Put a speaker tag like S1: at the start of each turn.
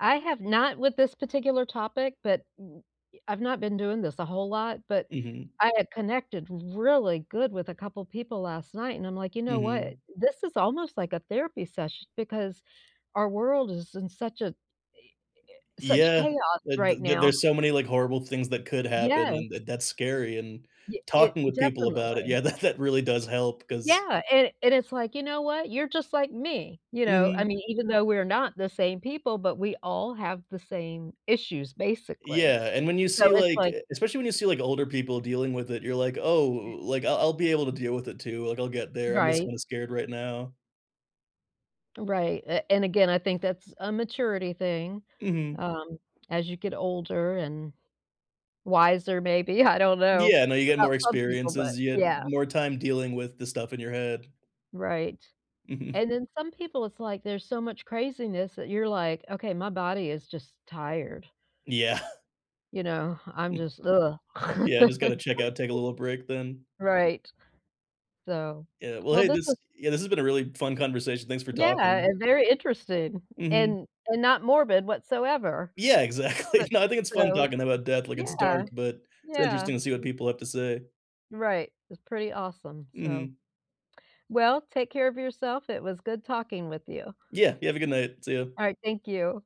S1: I have not with this particular topic, but y I've not been doing this a whole lot, but
S2: Mhm.
S1: I had connected really good with a couple people last night, and I'm like, "You know what?
S2: Mhm.
S1: This is almost like a therapy sesh because our world is in such a i e such
S2: Yeah,
S1: chaos
S2: tha
S1: right
S2: th th
S1: now.
S2: there's so many, like, horrible things that could happen, and
S1: Yes.
S2: th that's scary, and
S1: Ye it
S2: talking with people about it,
S1: definitely.
S2: yeah, that that really does help 'cause
S1: Yeah, and and it's like, "You know what? You're just like me." You know? I
S2: Mhm.
S1: mean, even though we're not the same people, but we all have the same issues, basically.
S2: Yeah, and when you
S1: So,
S2: see,
S1: it's
S2: like
S1: like
S2: e especially when you see, like, older people dealing with it, you're like, "Oh, like, I'll I'll be able to deal with it, too, like, I'll get there, I'm just
S1: Right.
S2: kinda scared right now."
S1: Right, a and again, I think that's a maturity thing.
S2: Mhm.
S1: Um, as you get older and wiser, maybe, I don't know
S2: Yeah, no, you get
S1: about
S2: more
S1: some people, but
S2: experiences, you get
S1: yeah.
S2: more time dealing with the stuff in your head.
S1: Right.
S2: Mhm.
S1: And then some people it's like there's so much craziness that you're like, "Okay, my body is just tired."
S2: Yeah.
S1: You know, I'm just, ugh.
S2: Yeah, "I just gotta check out, take a little break then."
S1: Right. So
S2: Yeah, well,
S1: well
S2: hey,
S1: this
S2: this
S1: was
S2: Yeah, this has been a really fun conversation, thanks for
S1: Yeah,
S2: talking.
S1: and very interesting
S2: Mhm.
S1: and and not morbid whatsoever.
S2: Yeah,
S1: S
S2: exactly. No, I think it's fun
S1: so
S2: talking about death, like, it's dark,
S1: yeah,
S2: but it's
S1: yeah,
S2: interesting to see what
S1: y
S2: people have to say.
S1: Right, it's pretty awesome. So
S2: Mhm.
S1: well, take care of yourself, it was good talking with you.
S2: Yeah, you have a good night. See you.
S1: Alright, thank you.